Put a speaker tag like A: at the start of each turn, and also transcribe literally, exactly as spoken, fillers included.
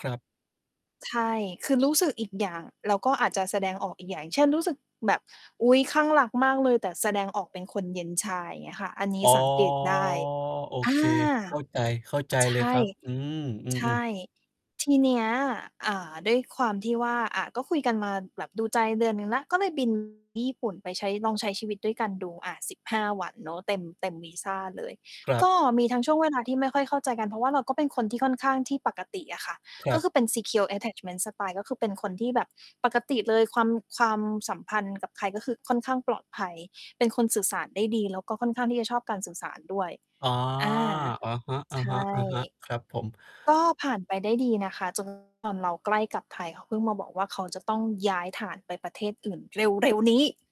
A: ครับ
B: ใช่ คือรู้สึกอีกอย่าง แล้วก็อาจจะแสดงออกอีกอย่าง เช่น รู้สึกแบบ อุ๊ย คลั่งรักมากเลย แต่แสดงออกเป็นคนเย็นชา อย่างเงี้ยค่ะ อันนี้
A: อ๋อ
B: สังเกตได้
A: โอ
B: อ
A: เ
B: า
A: ค เข้าใจ เข้าใจ
B: ใช
A: เลยค
B: ่
A: รับ อืม อื
B: ใช
A: ม
B: ่
A: ๆ
B: ทีเนี้ย อ่า ด้วยความที่ว่า อะ ก็คุยกันมาแบบดูใจเดือนหนึ่งแล้ว ก็เลย บิน ญี่ปุ่น ไปใช้ ลองใช้ชีวิตด้วยกันดู อา สิบห้า วันเนาะ เต็ม เต็มวีซาเลย
A: ครั
B: ก
A: บ
B: ็มีทั้งช่วงเวลาที่ไม่ค่อยเข้าใจกัน เพราะว่าเราก็เป็นคนที่ค่อนข้างที่ปกติอะค่ะ
A: คร
B: ก
A: ั
B: ็
A: บ
B: คือเป็น Secure Attachment Style ก็คือเป็นคนที่แบบปกติเลย ความ ความสัมพันธ์กับใครก็คือค่อนข้างปลอดภัย เป็นคนสื่อสารได้ดี แล้วก็ค่อนข้างที่จะชอบการสื่อสารด้วย
A: อา
B: อา
A: อะฮ
B: ใช่
A: ะ ๆ ๆ ครับผม
B: ก็ผ่านไปได้ดีนะคะ จน ตอนเราใกล้กลับไทย เขาเพิ่งมาบอกว่า เขาจะต้องย้ายฐานไปประเทศอื่นเร็ว ๆ นี้